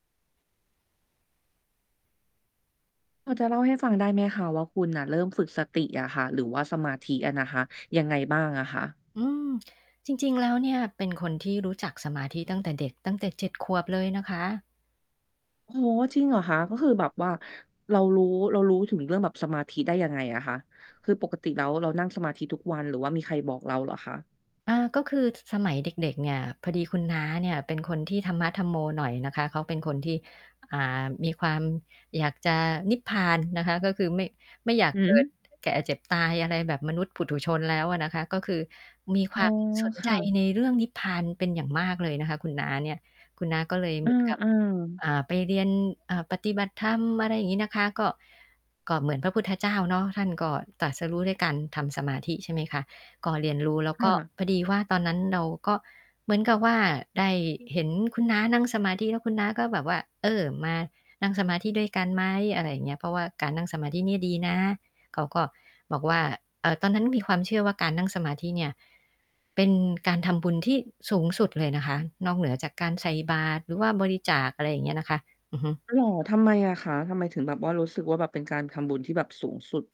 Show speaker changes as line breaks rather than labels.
พอจะเล่าให้ฟังได้ไหมคะว่า คุณน่ะเริ่มฝึกสติอะค่ะหรือว่าสมาธิอะนะคะ ยังไงบ้างอะคะ?
อืม จริง ๆ แล้วเนี่ยเป็นคนที่รู้จักสมาธิตั้งแต่เด็ก ตั้งแต่ 7 ขวบเลยนะคะ
โอ้โฮ จริงเหรอคะ? ก็คือแบบว่าเรารู้ เรารู้ถึงเรื่องแบบสมาธิได้ยังไงอะคะ? คือปกติแล้วเรานั่งสมาธิทุกวันหรือว่ามีใครบอกเราเหรอคะ?
อ่า ก็คือ ส สมัยเด็ก ๆ เนี่ย พอดีคุณน้าเนี่ยเป็นคนที่ธรรมะธัมโมหน่อยนะคะ เขาเป็นคนที่ อ่า มีความอยากจะนิพพานนะคะ ก็คือไม่ ไม่อยาก
หื
เกิด
อ!
แก่ เจ็บ ตาย อะไรแบบมนุษย์ปุถุชนแล้วอะนะคะ ก็คือมีค
อ๋
ว
อ
าม สน
ค
ใจ
่ะ
ในเรื่องนิพพานเป็นอย่างมากเลยนะคะคุณน้าเนี่ย คุณน้าก็เลย
เอ
เหมือนกับ
อ ๆ
อ่า ไปเรียน อ่า ปฏิบัติธรรม อะไรอย่างงี้นะคะ ก็ ก็เหมือนพระพุทธเจ้าเนาะ ท่านก็ตรัสรู้ด้วยการทำสมาธิ ใช่ไหมคะ ก็เรียนรู้แล้ว
ค
ก็
่ะ
พอดีว่า ตอนนั้นเราก็เหมือนกับว่าได้เห็นคุณน้านั่งสมาธิ แล้วคุณน้าก็แบบว่า เออ "มานั่งสมาธิด้วยกันไหม?" อะไรอย่างเงี้ย "เพราะว่าการนั่งสมาธินี่ดีนะ" เขาก็บอกว่า เอ่อ ตอนนั้นมีความเชื่อว่าการนั่งสมาธิเนี่ย เป็นการทำบุญที่สูงสุดเลยนะคะ นอกเหนือจากการใส่บาตรหรือว่าบริจาค อะไรอย่างเงี้ยนะคะ อือฮึ
เหรอ ทำไมอะคะ? ทำไมถึงแบบว่ารู้สึกว่า แบบเป็นการทำบุญที่แบบสูงสุด?